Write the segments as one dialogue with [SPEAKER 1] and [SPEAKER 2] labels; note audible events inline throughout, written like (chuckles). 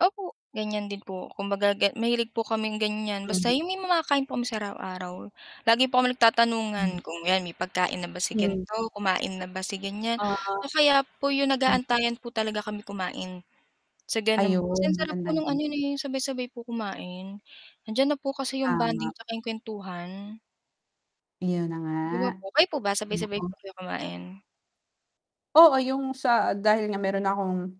[SPEAKER 1] Opo, ganiyan din po. Kumbaga, get mahilig po kaming ganiyan,
[SPEAKER 2] Hmm.
[SPEAKER 1] basta 'yung may makakain po kami sa araw-araw. Lagi po kami
[SPEAKER 2] Hmm.
[SPEAKER 1] nagtatanungan kung 'yan, "May pagkain na ba si
[SPEAKER 2] Hmm.
[SPEAKER 1] gan'to? Kumain na ba si ganiyan?"
[SPEAKER 2] Oo.
[SPEAKER 1] o kaya po 'yung
[SPEAKER 2] Hmm.
[SPEAKER 1] nag-aantayan po talaga kami kumain. Sa ganon kasi
[SPEAKER 2] Ayun,
[SPEAKER 1] ang sarap
[SPEAKER 2] maganda
[SPEAKER 1] po no'ng ano,
[SPEAKER 2] 'yon.
[SPEAKER 1] eh, 'yung sabay-sabay po kumain, nandiyan na po kasi 'yung
[SPEAKER 2] Tama.
[SPEAKER 1] bonding tsaka 'yung kuwentuhan.
[SPEAKER 2] 'Yon na nga,
[SPEAKER 1] 'Di ba po? Kayo po ba sabay-sabay
[SPEAKER 2] oo.
[SPEAKER 1] po kayo kumain?
[SPEAKER 2] Oo, 'yung sa dahil nga meron na akong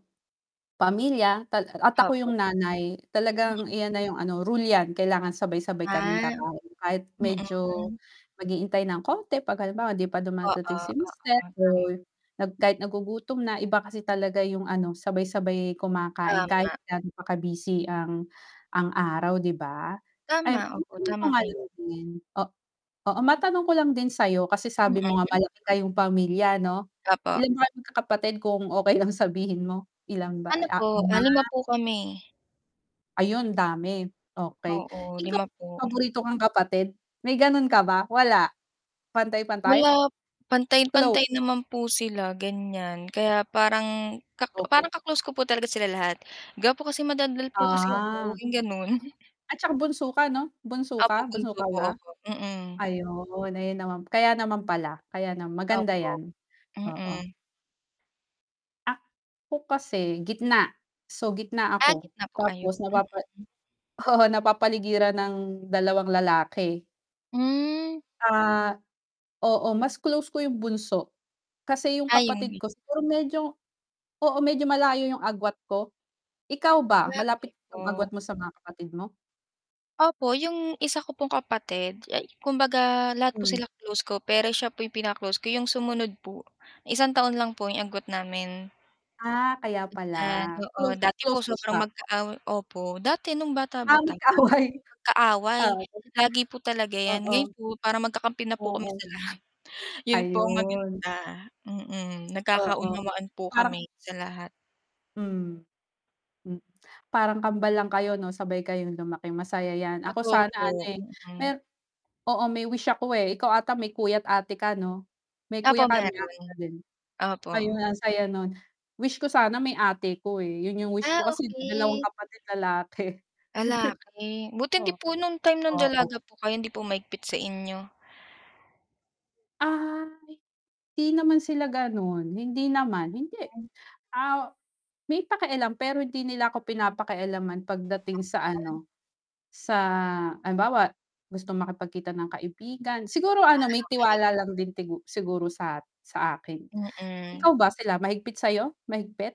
[SPEAKER 2] pamilya, tal a at ako
[SPEAKER 1] Opo.
[SPEAKER 2] 'yung nanay,
[SPEAKER 1] Mm.
[SPEAKER 2] talagang iyan na 'yung ano, rule 'yan, kailangan sabay-sabay kaming
[SPEAKER 1] Ah,
[SPEAKER 2] kakain, kahit medyo,
[SPEAKER 1] mm.
[SPEAKER 2] mag-iintay ng konti, 'pag halimbawa, hindi pa
[SPEAKER 1] Oo,
[SPEAKER 2] dumadating si
[SPEAKER 1] oo,
[SPEAKER 2] mister, o
[SPEAKER 1] (unintelligible)
[SPEAKER 2] nag kahit nagugutom na, iba kasi talaga yung ano, sabay-sabay kumakain, kahit
[SPEAKER 1] Tama.
[SPEAKER 2] ga'no pa ka-busy ang, ang araw, 'di ba? Eh,
[SPEAKER 1] Tama, opo,
[SPEAKER 2] matanong ko
[SPEAKER 1] tama
[SPEAKER 2] nga lang
[SPEAKER 1] kayo.
[SPEAKER 2] din, o oo, matanong ko lang din sa'yo, kasi
[SPEAKER 1] Mm.
[SPEAKER 2] sabi mo nga, malaki kayong pamilya, ano,
[SPEAKER 1] Opo.
[SPEAKER 2] ilan ba kayong magkakapatid, kung okey lang sabihin mo, ilan ba
[SPEAKER 1] Ano po,
[SPEAKER 2] ah,
[SPEAKER 1] ah,
[SPEAKER 2] 5?
[SPEAKER 1] 5 po kami.
[SPEAKER 2] Ayun, dami, okey.
[SPEAKER 1] Oo,
[SPEAKER 2] Ikaw
[SPEAKER 1] 5 po.
[SPEAKER 2] paborito kang kapatid, may gano'n ka ba, wala? Pantay-pantay?
[SPEAKER 1] Wala
[SPEAKER 2] Close
[SPEAKER 1] pantay-pantay naman po sila, ganiyan, kaya parang ka
[SPEAKER 2] Okey.
[SPEAKER 1] parang ka-close ko po talaga sila lahat, gawa po kasi madadal po kasi ako,
[SPEAKER 2] Ah.
[SPEAKER 1] 'yung gano'n. (chuckles)
[SPEAKER 2] At tsaka, bunso ka, 'no? Bunso
[SPEAKER 1] Opo,
[SPEAKER 2] ka, bunso
[SPEAKER 1] bunso
[SPEAKER 2] ka
[SPEAKER 1] po
[SPEAKER 2] ba?
[SPEAKER 1] ako, mm.
[SPEAKER 2] Ayun, ayun naman kaya naman pala, kaya naman maganda
[SPEAKER 1] Opo,
[SPEAKER 2] 'yan, oo.
[SPEAKER 1] mm.
[SPEAKER 2] Ako kasi, gitna. So, gitna
[SPEAKER 1] Ah,
[SPEAKER 2] ako,
[SPEAKER 1] gitna po kayo,
[SPEAKER 2] tapos napapa
[SPEAKER 1] mm.
[SPEAKER 2] oo, napapaligiran ng 2 lalaki.
[SPEAKER 1] Hmm.
[SPEAKER 2] Ah, oo, mas close ko 'yung bunso, kasi 'yung kapatid
[SPEAKER 1] Ayun.
[SPEAKER 2] ko, siguro medyo oo, medyo malayo 'yung agwat ko. Ikaw ba, malapit
[SPEAKER 1] Grabe
[SPEAKER 2] 'yung agwat
[SPEAKER 1] po.
[SPEAKER 2] mo sa mga kapatid mo?
[SPEAKER 1] Opo, 'yung isa ko pong kapatid, ay kumbaga, lahat po
[SPEAKER 2] Hmm.
[SPEAKER 1] sila close ko, pero siya po 'yung pinaka-close ko, 'yung sumunod po, 1 taon lang po 'yung agwat namin.
[SPEAKER 2] Ah, kaya
[SPEAKER 1] Ayan.
[SPEAKER 2] pala,
[SPEAKER 1] Oo, dati po
[SPEAKER 2] close-close mo
[SPEAKER 1] sobrang
[SPEAKER 2] siya.
[SPEAKER 1] magkaaway opo, dati, no'ng
[SPEAKER 2] Ah,
[SPEAKER 1] bata-bata, lagi
[SPEAKER 2] magkaaway.
[SPEAKER 1] kami magkaaway,
[SPEAKER 2] Away,
[SPEAKER 1] lagi po talaga 'yan,
[SPEAKER 2] oo.
[SPEAKER 1] ngayon po parang magkakampi na po kami
[SPEAKER 2] Oo.
[SPEAKER 1] sa lahat, 'yon po ang
[SPEAKER 2] Ayun.
[SPEAKER 1] maganda, mm,
[SPEAKER 2] Oo.
[SPEAKER 1] nagkakaunawaan po
[SPEAKER 2] Parang
[SPEAKER 1] kami, sa lahat.
[SPEAKER 2] Hmm, hmm, kambal lang kayo, 'no, sabay kayong lumaki, masaya 'yan. Ako
[SPEAKER 1] Totoo
[SPEAKER 2] sana ano,
[SPEAKER 1] po,
[SPEAKER 2] eh,
[SPEAKER 1] mm.
[SPEAKER 2] mer oo, may wish ako, eh, ikaw ata may kuya't ate ka, 'no? May
[SPEAKER 1] Opo
[SPEAKER 2] kuya ka, may ate
[SPEAKER 1] meron,
[SPEAKER 2] ka din,
[SPEAKER 1] opo.
[SPEAKER 2] ayun ang saya no'n. Wish ko sana may ate ako, eh, 'yon 'yung wish
[SPEAKER 1] Ah,
[SPEAKER 2] ko, kasi 2
[SPEAKER 1] okey.
[SPEAKER 2] kapatid lalaki.
[SPEAKER 1] Lalaki. Buti
[SPEAKER 2] (chuckles)
[SPEAKER 1] hindi
[SPEAKER 2] Oh,
[SPEAKER 1] po no'ng time nang dalaga
[SPEAKER 2] oo.
[SPEAKER 1] po kayo, hindi po mahigpit sa inyo?
[SPEAKER 2] Ay, hindi naman sila gano'n, hindi naman, hindi.
[SPEAKER 1] (unintelligible)
[SPEAKER 2] Ah, may pakialam, pero hindi nila ako pinapakialaman pagdating sa
[SPEAKER 1] Takpan.
[SPEAKER 2] ano, sa halimbawa, gusto makipagkita ng kaibigan, siguro
[SPEAKER 1] Ah,
[SPEAKER 2] ano, may tiwala
[SPEAKER 1] okey.
[SPEAKER 2] lang din tigu siguro sa sa akin.
[SPEAKER 1] Mm.
[SPEAKER 2] Ikaw ba, sila mahigpit sa'yo, mahigpit?